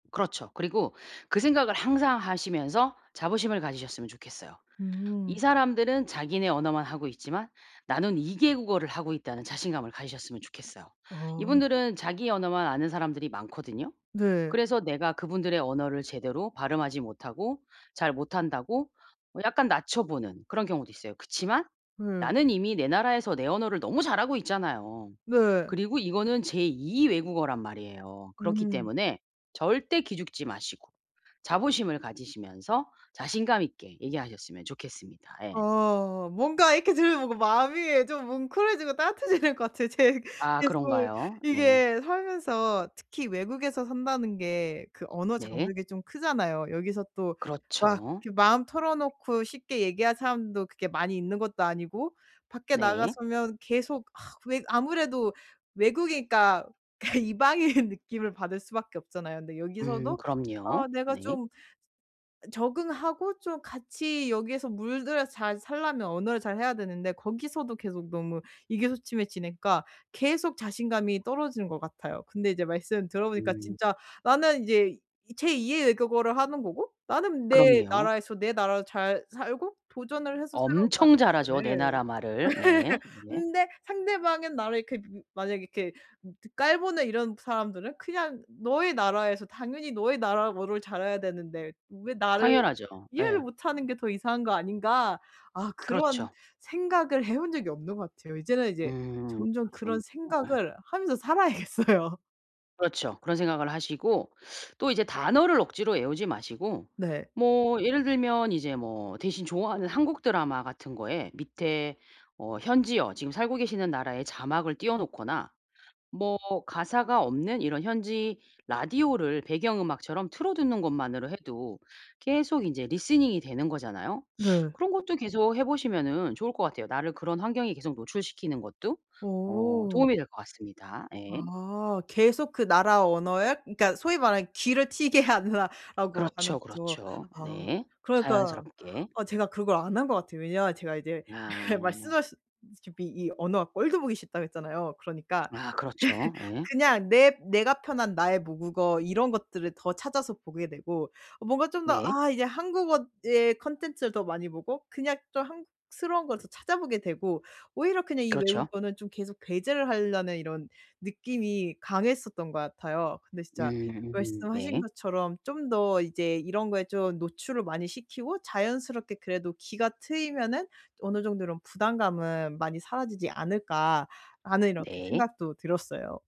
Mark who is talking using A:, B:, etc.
A: 그렇죠. 그리고 그 생각을 항상 하시면서 자부심을 가지셨으면 좋겠어요. '이
B: 음.
A: 사람들은 자기네 언어만 하고 있지만 나는 2 개 국어를 하고 있다.'는 자신감을 가지셨으면 좋겠어요.
B: 아.
A: 이분들은 자기 언어만 아는 사람들이 많거든요.
B: 네.
A: 그래서 내가 그분들의 언어를 제대로 발음하지 못하고 잘 못한다고 뭐 약간 낮춰보는 그런 경우도 있어요. 그치만
B: 예.
A: 나는 이미 내 나라에서 내 언어를 너무 잘하고 있잖아요.
B: 네.
A: 그리고 이거는 제 2 외국어란 말이에요. 그렇기
B: 음.
A: 때문에 절대 기죽지 마시고 자부심을 가지시면서 자신감 있게 얘기하셨으면 좋겠습니다. 예.
B: 아 뭔가 이렇게 들으면 마음이 좀 뭉클해지고 따뜻해지는 것 같아요. 제
A: 아
B: 계속
A: 그런가요? 네.
B: 이게 살면서 특히 외국에서 산다는 게 그 언어
A: 네.
B: 장벽이 좀 크잖아요. 여기서 또 막
A: 그렇죠.
B: 이렇게 마음 털어놓고 쉽게 얘기할 사람도 그렇게 많이 있는 것도 아니고 밖에 나가
A: 네.
B: 서면 계속 아 왜 아무래도 외국이니까 그 이방인 느낌을 받을 수밖에 없잖아요. 근데
A: 음
B: 여기서도 아
A: 그럼요.
B: 내가
A: 네.
B: 좀 적응하고 좀 같이 여기에서 물들여서 잘 살려면 언어를 잘해야 되는데 거기서도 계속 너무 의기소침해지니까 계속 자신감이 떨어지는 것 같아요. 근데 이제 말씀 들어보니까
A: 음.
B: 진짜 나는 이제 제 2 의 외국어를 하는 거고 나는 내
A: 그럼요.
B: 나라에서 내 나라도 잘 살고 도전을 해서 새로운
A: 엄청 잘하죠, 내
B: 나라에 온
A: 나라
B: 건데
A: 말을. 네. 네.
B: 근데 상대방은 나를 이렇게 그 만약에 이렇게 그 깔보는 이런 사람들은 그냥 '너의 나라에서 당연히 너의 나라어를 잘해야 되는데 왜 나를
A: 당연하죠.
B: 이해를
A: 예.
B: 못 하는 게 더 이상한 거 아닌가.' 아 그런
A: 그렇죠.
B: 생각을 해본 적이 없는 것 같아요. 이제는 이제
A: 음.
B: 점점 그런
A: 그렇군요. 예.
B: 생각을 하면서 살아야겠어요.
A: 그렇죠. 그런 생각을 하시고 또 이제 단어를 억지로 외우지 마시고
B: 네.
A: 뭐 예를 들면 이제 뭐 대신 좋아하는 한국 드라마 같은 거에 밑에 어 현지어 지금 살고 계시는 나라의 자막을 띄워 놓거나 뭐 가사가 없는 이런 현지 라디오를 배경음악처럼 틀어두는 것만으로 해도 계속 인제 리스닝이 되는 거잖아요.
B: 네.
A: 그런 것도 계속 해 보시면은 좋을 것 같아요. 나를 그런 환경에 계속 노출시키는 것도 어
B: 어.
A: 도움이 될 것 같습니다. 예.
B: 아. 계속 그 나라 언어에 그러니까 소위 말하는 "귀를 트이게 하라." 라고 하는
A: 그렇죠,
B: 거죠.
A: 그렇죠.
B: 아
A: 네.
B: 그러니까
A: 자연스럽게.
B: 아 제가 그걸 안 한 것 같아요. 왜냐하면 제가 이제 예 말씀
A: 아.
B: 하셨다시피 이 언어가 꼴도 보기 싫다고 했잖아요. 그러니까
A: 아 그렇죠. 예.
B: 그냥 내 내가 편한 나의 모국어 이런 것들을 더 찾아서 보게 되고 어 뭔가 좀 더
A: 네.
B: 아 이제 한국어의 콘텐츠를 더 많이 보고 그냥 좀 한국스러운 걸 더 찾아보게 되고 오히려 그냥 이
A: 그렇죠.
B: 외국어는 좀 계속 배제를 하려는 이런 느낌이 강했었던 것 같아요. 근데 진짜
A: 음
B: 말씀하신
A: 네.
B: 것처럼 '좀 더 이제 이런 거에 좀 노출을 많이 시키고 자연스럽게 그래도 귀가 트이면은 어느 정도 이런 부담감은 많이 사라지지 않을까.'라는 이렇게
A: 네.
B: 생각도 들었어요.